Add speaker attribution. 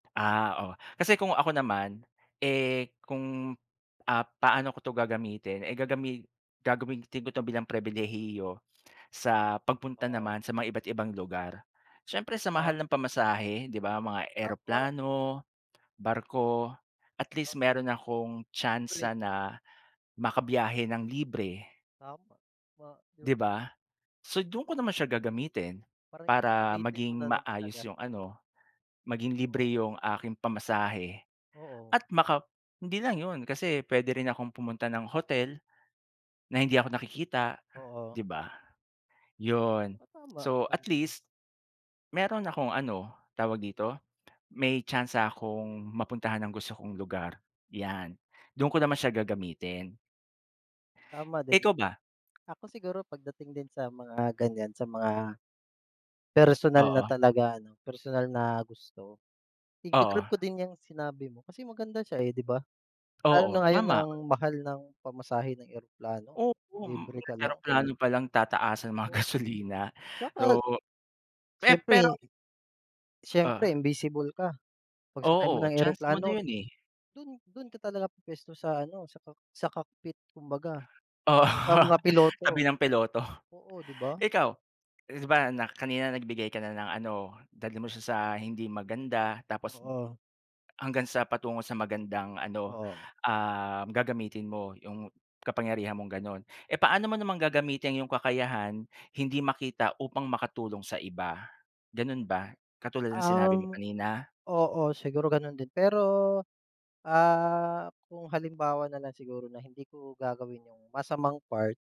Speaker 1: Ah, oh. Kasi kung ako naman, eh kung, ah, paano ko 'to gagamitin, eh, gagami gagamitin ko 'to bilang pribilehiyo sa pagpunta
Speaker 2: Oo.
Speaker 1: naman sa mga iba't ibang lugar. Siyempre, sa
Speaker 2: Oh.
Speaker 1: mahal ng pamasahe, 'di ba? Mga
Speaker 2: Opo.
Speaker 1: eroplano, barko, at
Speaker 2: Ah.
Speaker 1: least mayroon na'kong
Speaker 2: Pre
Speaker 1: tsansa na makabiyahe nang libre.
Speaker 2: Tama. Ma
Speaker 1: 'Di ba? So, do'n ko naman siya gagamitin.
Speaker 2: Parang
Speaker 1: Para
Speaker 2: sulitin mo
Speaker 1: maging
Speaker 2: na lang
Speaker 1: maayos
Speaker 2: talaga.
Speaker 1: 'yong ano, maging libre
Speaker 2: Oo.
Speaker 1: 'yong aking pamasahe
Speaker 2: Oo.
Speaker 1: at maka hindi lang 'yon, kasi puwede rin akong pumunta ng hotel na hindi ako nakikita,
Speaker 2: Oo.
Speaker 1: 'di ba? 'Yon.
Speaker 2: Oh, tama.
Speaker 1: So at least, mayroon akong ano, tawag dito, may tsansa akong mapuntahan ang gusto kong lugar, 'yan. Do'n ko naman siya gagamitin.
Speaker 2: Tama din.
Speaker 1: Ikaw ba?
Speaker 2: Ako siguro pagdating din sa mga ganyan, sa mga personal na
Speaker 1: Oo.
Speaker 2: talaga ano personal na gusto,
Speaker 1: Oo.
Speaker 2: iga-grab ko din yang sinabi mo, kasi maganda siya, eh, 'di ba? Lalo na
Speaker 1: Oo,
Speaker 2: ngayon
Speaker 1: tama.
Speaker 2: ang mahal ng pamasahe ng eroplano,
Speaker 1: Opo
Speaker 2: libre
Speaker 1: 'yong
Speaker 2: ka lang.
Speaker 1: eroplano pa lang tataasan mga
Speaker 2: Oo.
Speaker 1: gasolina.
Speaker 2: Tsaka
Speaker 1: So. Pe pero
Speaker 2: siyempre siyempre
Speaker 1: Oh.
Speaker 2: invisible ka. Pagsakay mo
Speaker 1: Oo
Speaker 2: ng
Speaker 1: chance mo na
Speaker 2: eroplano,
Speaker 1: 'yon, eh.
Speaker 2: 'don 'don ka talaga pu-puwesto sa ano sa cock sa cockpit, kumbaga.
Speaker 1: Oo,
Speaker 2: Mukhang mga piloto.
Speaker 1: tabi ng piloto.
Speaker 2: Oo, 'di ba?
Speaker 1: Ikaw? 'Di ba na kanina nagbigay ka na ng ano, dalhin mo siya sa hindi maganda tapos
Speaker 2: Oo.
Speaker 1: hanggang sa patungo sa magandang ano,
Speaker 2: Oo.
Speaker 1: um, gagamitin mo 'yong kapangyarihan mong gano'n. Eh, paano mo namang gagamitin 'yong kakayahan hindi makita upang makatulong sa iba, gano'n ba? Katulad ng sinabi mo
Speaker 2: Um,
Speaker 1: kanina?
Speaker 2: oo, siguro gano'n din. Pero, ah, kung halimbawa na lang siguro na hindi ko gagawin 'yong masamang part.